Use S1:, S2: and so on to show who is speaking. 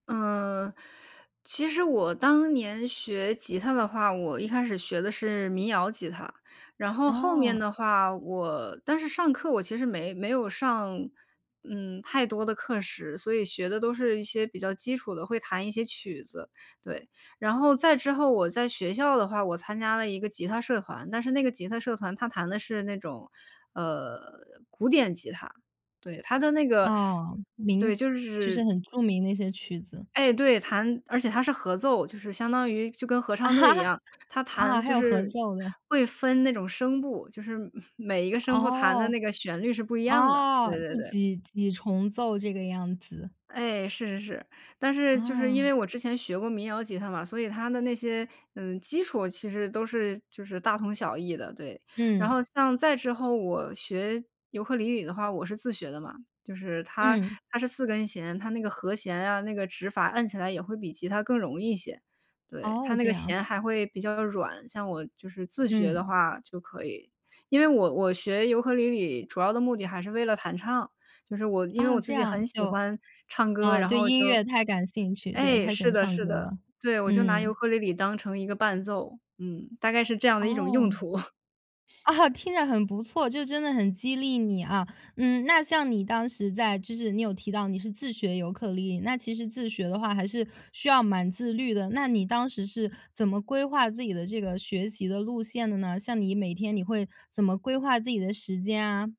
S1: 嗯，其实我当年学吉他的话，我一开始学的是民谣吉他。然后后面
S2: 哦。
S1: 的话，我但是上课，我其实没没有上，嗯，太多的课时，所以学的都是一些比较基础的，会弹一些曲子，对。然后再之后我在学校的话，我参加了一个吉他社团。但是那个吉他社团，它弹的是那种，呃，古典吉他，对，它的那个
S2: 哦，
S1: 对，
S2: 名
S1: 就
S2: 就是
S1: 是
S2: 很著名的一些曲子。
S1: 哎，对，弹而且它是合奏，就是相当于就跟合
S2: 啊！
S1: 唱队一样。它弹
S2: 啊，还
S1: 就
S2: 有合
S1: 是
S2: 奏的。
S1: 会分那种声部，就是每每一个声部弹的
S2: 哦。
S1: 那个旋律是不一样的，
S2: 啊，
S1: 对
S2: 这
S1: 对对。
S2: 几几重奏这个样子。
S1: 哎，是是是。但是就是因
S2: 啊。
S1: 为我之前学过民谣吉他嘛，所以它的那些，嗯，基础其实都是就是大同小异的，对。然后
S2: 嗯。
S1: 像再之后我学尤克里里的话，我是自学的嘛。就是它
S2: 嗯。
S1: 它是4根弦，它那个和弦啊，那个指法按起来也会比吉他更容易一些。对，它
S2: 哦，
S1: 那
S2: 这
S1: 个
S2: 样。
S1: 弦还会比较软，像我就是自学的
S2: 嗯。
S1: 话就可以。因为我我学尤克里里主要的目的还是为了弹唱，就是我因为
S2: 哦，
S1: 我自
S2: 这
S1: 己
S2: 样
S1: 很喜
S2: 就
S1: 欢唱歌，
S2: 哦，
S1: 然
S2: 对
S1: 后
S2: 音
S1: 就
S2: 乐太感兴趣，对，
S1: 哎，
S2: 太喜
S1: 是
S2: 欢
S1: 的
S2: 唱
S1: 是
S2: 歌
S1: 的。
S2: 了。
S1: 对，我就拿尤
S2: 嗯。
S1: 克里里当成一个伴奏，嗯，大概是这样的一种用
S2: 哦。
S1: 途。
S2: 啊！听着很不错，就真的很激励你啊。嗯，那像你当时在就是你有提到你是自学尤克里里，那其实自学的话还是需要蛮自律的。那你当时是怎么规划自己的这个学习的路线的呢？像你每天你会怎么规划自己的时间啊？